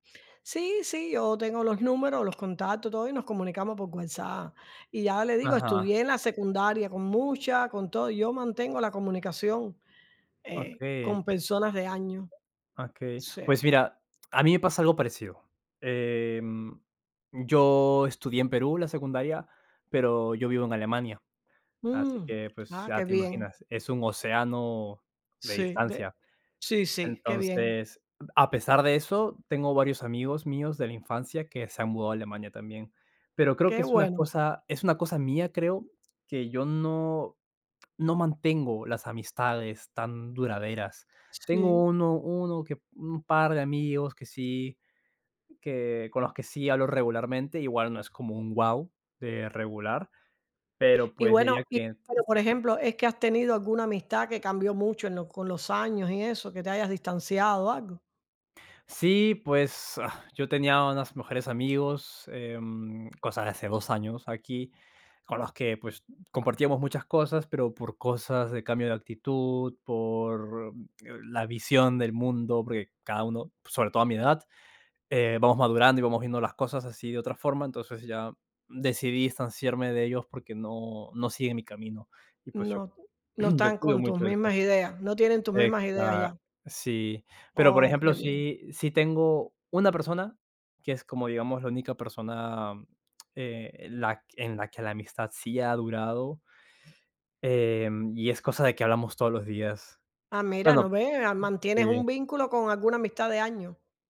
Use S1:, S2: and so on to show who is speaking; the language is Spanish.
S1: Sí, sí, yo tengo los números, los contactos, todo, y nos comunicamos por WhatsApp. Y ya le digo,
S2: Ajá.
S1: estudié en la secundaria con muchas, con todo, y yo mantengo la comunicación, eh,
S2: Okey.
S1: con personas de años.
S2: Okey.
S1: Sí.
S2: Pues mira, a mí me pasa algo parecido. Em, yo estudié en Perú la secundaria, pero yo vivo en Alemania, así
S1: Mm.
S2: que, pues,
S1: Ah,
S2: ya
S1: qué
S2: te
S1: bien.
S2: imaginas, es un océano de
S1: Sí, de
S2: distancia.
S1: Sí, sí, qué bien.
S2: Entonces, a pesar de eso, tengo varios amigos míos de la infancia que se han mudado a Alemania también. Pero creo que
S1: Qué
S2: es una
S1: bueno.
S2: cosa es una cosa mía, creo, que yo no no mantengo las amistades tan duraderas. Tengo
S1: Sí.
S2: uno uno que un par de amigos que sí, que con los que sí hablo regularmente, igual no es como un guau de regular, pero
S1: Y
S2: pues diría
S1: bueno. Y
S2: que
S1: pero, por ejemplo, ¿es que has tenido alguna amistad que cambió mucho en lo con los años y eso, que te hayas distanciado o algo?
S2: Sí, pues, ah, yo tenía unas mejores amigos, em, cosa de hace 2 años aquí, con los que, pues, compartíamos muchas cosas, pero por cosas de cambio de actitud, por la visión del mundo, porque cada uno, sobre todo a mi edad, eh, vamos madurando y vamos viendo las cosas así de otra forma. Entonces, ya decidí distanciarme de ellos porque no no siguen mi camino. Y pues yo
S1: No. No
S2: yo
S1: están
S2: cuido
S1: con tus
S2: mucho eso.
S1: mismas ideas, no tienen tus mismas ideas
S2: Exa
S1: ya.
S2: Sí. Pero, por
S1: Oh, qué
S2: ejemplo,
S1: bien.
S2: sí sí tengo una persona que es como, digamos, la única persona, eh, la en la que la amistad sí ha durado em, y es cosa de que hablamos todos los días.
S1: Ah, mira, ¿no
S2: Bueno
S1: ves? Ah, mantienes un
S2: Sí.
S1: vínculo con alguna amistad de años.